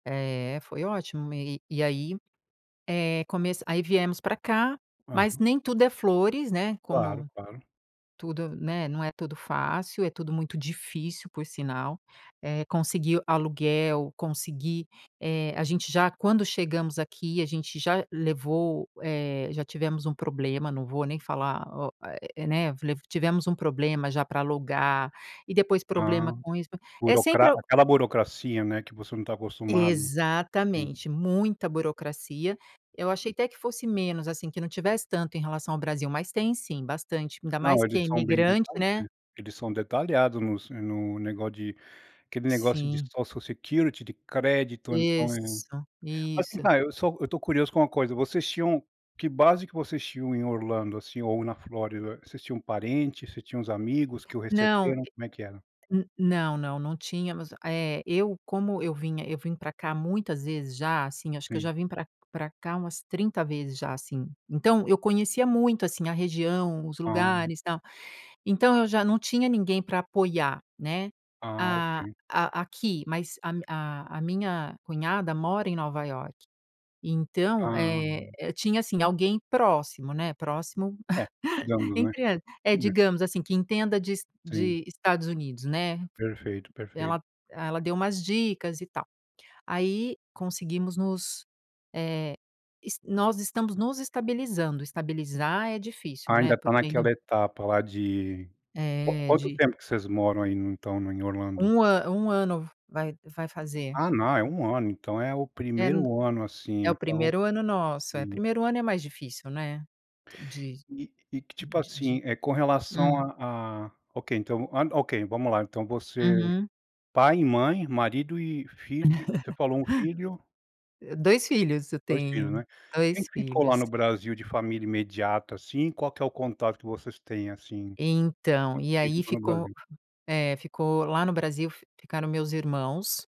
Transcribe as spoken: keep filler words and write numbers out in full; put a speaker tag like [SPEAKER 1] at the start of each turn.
[SPEAKER 1] É, foi ótimo me e e aí, eh, começa aí, viemos pra cá, mas
[SPEAKER 2] Hã.
[SPEAKER 1] nem tudo é flores, né,
[SPEAKER 2] Claro,
[SPEAKER 1] como
[SPEAKER 2] claro.
[SPEAKER 1] tudo, né, não é tudo fácil. É tudo muito difícil, por sinal. Eh, conseguir aluguel, conseguir, eh, a gente já quando chegamos aqui, a gente já levou, eh, já tivemos um problema. Não vou nem falar o, eh, né, lev tivemos um problema já pra alugar e depois problema
[SPEAKER 2] Ah.
[SPEAKER 1] com isso é
[SPEAKER 2] Burocra
[SPEAKER 1] sempre al
[SPEAKER 2] aquela burocracia, né, que você não tá acostumado. Sim.
[SPEAKER 1] Exatamente. Muita burocracia. Eu achei até que fosse menos assim, que não tivesse tanto em relação ao Brasil, mas tem sim bastante, ainda mais
[SPEAKER 2] Não,
[SPEAKER 1] quem é
[SPEAKER 2] eles são bem
[SPEAKER 1] imigrante, né?
[SPEAKER 2] detalhistas, eles são detalhados nos no negócio de aquele negócio de
[SPEAKER 1] Sim.
[SPEAKER 2] Social Security de crédito, então é Mas
[SPEAKER 1] Isso,
[SPEAKER 2] assim,
[SPEAKER 1] isso.
[SPEAKER 2] vai, eu só eu tô curioso com uma coisa. Vocês tinham que base que vocês tinham em Orlando, assim, ou na Flórida? Vocês tinham parente, vocês tinham uns amigos que o
[SPEAKER 1] Não,
[SPEAKER 2] receberam?
[SPEAKER 1] e
[SPEAKER 2] Como é que era?
[SPEAKER 1] n não, não, não tínhamos. Eh, eu, como eu vinha eu vim pra cá muitas vezes já, assim, acho que eu
[SPEAKER 2] Sim.
[SPEAKER 1] já vim pra pra cá umas trinta vezes já, assim. Então eu conhecia muito, assim, a região, os
[SPEAKER 2] Ah.
[SPEAKER 1] lugares e tal. Então eu já não tinha ninguém pra apoiar, né?
[SPEAKER 2] Ah,
[SPEAKER 1] A
[SPEAKER 2] ok.
[SPEAKER 1] a aqui, mas a mi a a a minha cunhada mora em Nova Iorque. Então,
[SPEAKER 2] Ah.
[SPEAKER 1] eh eh, tinha, assim, alguém próximo, né? Próximo
[SPEAKER 2] É, digamos, né.
[SPEAKER 1] entre hã, é,
[SPEAKER 2] É.
[SPEAKER 1] digamos assim, que entenda de Es
[SPEAKER 2] Sim.
[SPEAKER 1] de Estados Unidos, né.
[SPEAKER 2] Perfeito, perfeito.
[SPEAKER 1] Ela ela deu umas dicas e tal. Aí conseguimos nos, eh, es nós estamos nos estabilizando. Estabilizar é difícil,
[SPEAKER 2] Ah,
[SPEAKER 1] né,
[SPEAKER 2] ainda tá
[SPEAKER 1] porque ainda
[SPEAKER 2] naquela etapa lá de quan
[SPEAKER 1] É,
[SPEAKER 2] quanto
[SPEAKER 1] de
[SPEAKER 2] tempo que vocês moram aí no então no em Orlando?
[SPEAKER 1] Um a um ano v-vai que vai fazer.
[SPEAKER 2] Ah, não é um ano. Então é o
[SPEAKER 1] É no
[SPEAKER 2] primeiro ano assim.
[SPEAKER 1] é o
[SPEAKER 2] Então
[SPEAKER 1] primeiro ano nosso. É,
[SPEAKER 2] sim.
[SPEAKER 1] primeiro é mais difícil, né, de
[SPEAKER 2] E e que tipo, assim,
[SPEAKER 1] de-de
[SPEAKER 2] eh, com relação
[SPEAKER 1] hum?
[SPEAKER 2] à à ok, então v hã, ok, vamos lá então você
[SPEAKER 1] Uhum.
[SPEAKER 2] pai e mãe, marido e filho você falou um filho?
[SPEAKER 1] dois filhos eu
[SPEAKER 2] dois filhos,
[SPEAKER 1] tenho,
[SPEAKER 2] né? Quem
[SPEAKER 1] dois
[SPEAKER 2] que ficou lá
[SPEAKER 1] filhos.
[SPEAKER 2] no Brasil de família imediata assim. Qual que é o contato que vocês têm assim,
[SPEAKER 1] Então,
[SPEAKER 2] que
[SPEAKER 1] e
[SPEAKER 2] que
[SPEAKER 1] aí
[SPEAKER 2] ficou no
[SPEAKER 1] ficou
[SPEAKER 2] Brasil?
[SPEAKER 1] é, ficou. Lá no Brasil, f ficaram meus irmãos